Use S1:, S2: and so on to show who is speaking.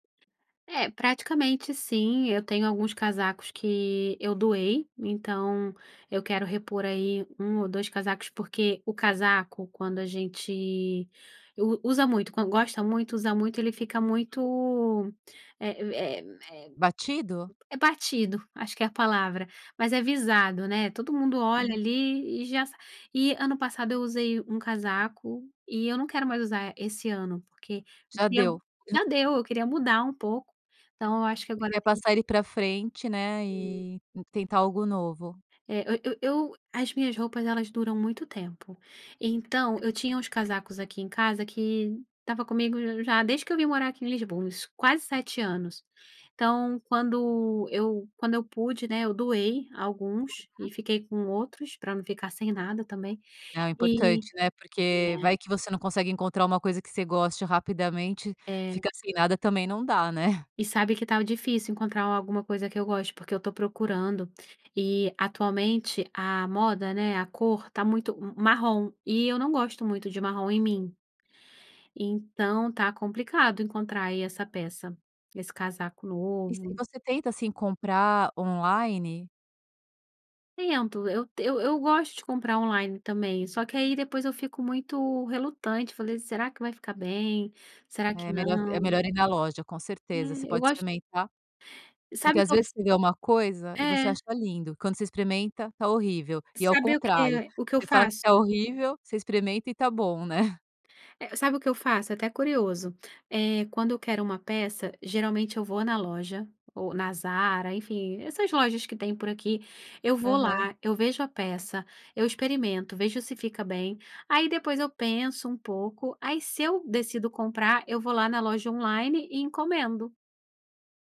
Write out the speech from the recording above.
S1: É, praticamente, sim, eu tenho alguns casacos que eu doei, então eu quero repor aí 1 ou 2 casacos, porque o casaco, quando a gente u usa muito, quan gosta muito, usa muito, ele fica muito, é é é
S2: Batido?
S1: é batido, acho que é a palavra, mas é visado, né. Todo mundo olha,
S2: Uhum.
S1: ali, e já s e ano passado eu usei um casaco e eu não quero mais usar esse ano, porque
S2: Já
S1: queria
S2: deu.
S1: já deu, eu queria mudar um pouco, então eu acho que
S2: Você
S1: agora eu
S2: quer
S1: tenho
S2: passar ele pra frente, né,
S1: Sim.
S2: e e tentar algo novo.
S1: É eu eu eu as minhas roupas elas duram muito tempo, então eu tinha uns casacos aqui em casa que estava comigo já desde que eu vim morar aqui em Lisboa, isso quase 7 anos. Então quando eu quando eu pude, né, eu doei alguns e
S2: Uhum.
S1: fiquei com outros, pra não ficar sem nada também
S2: Ah, é
S1: e
S2: importante, né, porque
S1: né.
S2: vai que você não consegue encontrar uma coisa que você goste rapidamente,
S1: É.
S2: fica sem nada também não dá, né.
S1: E sabe que estava difícil encontrar a alguma coisa que eu goste, porque eu tô procurando, e atualmente a moda, né, a cor tá muito m marrom, e eu não gosto muito de marrom em mim. Então, tá complicado encontrar aí essa peça, esse casaco
S2: E se
S1: novo.
S2: você tenta, assim, comprar online?
S1: Tento, eu eu t eu gosto de comprar online também, só que aí depois eu fico muito relutante, falei: "Será vai ficar bem, será que
S2: É melhor é
S1: não?".
S2: melhor ir na loja, com certeza, você
S1: É, eu
S2: pode
S1: gosto
S2: experimentar, porque,
S1: sabe o
S2: às
S1: que eu
S2: vezes,
S1: f
S2: você vê alguma coisa e você
S1: É.
S2: acha lindo, quando você experimenta, tá horrível e ao
S1: Sabe o
S2: contrário,
S1: que o que eu
S2: você fala que tá
S1: faço?
S2: horrível, você experimenta e tá bom, né.
S1: É, sabe o que eu faço? É até curioso. Eh, quando eu quero uma peça, geralmente eu vou na loja, ou na Zara, enfim, essas lojas que tem por aqui, eu vou lá,
S2: Aham.
S1: eu vejo a peça, eu experimento, vejo se fica bem, aí depois eu penso um pouco, aí, se eu decido comprar, eu vou lá na loja online e encomendo.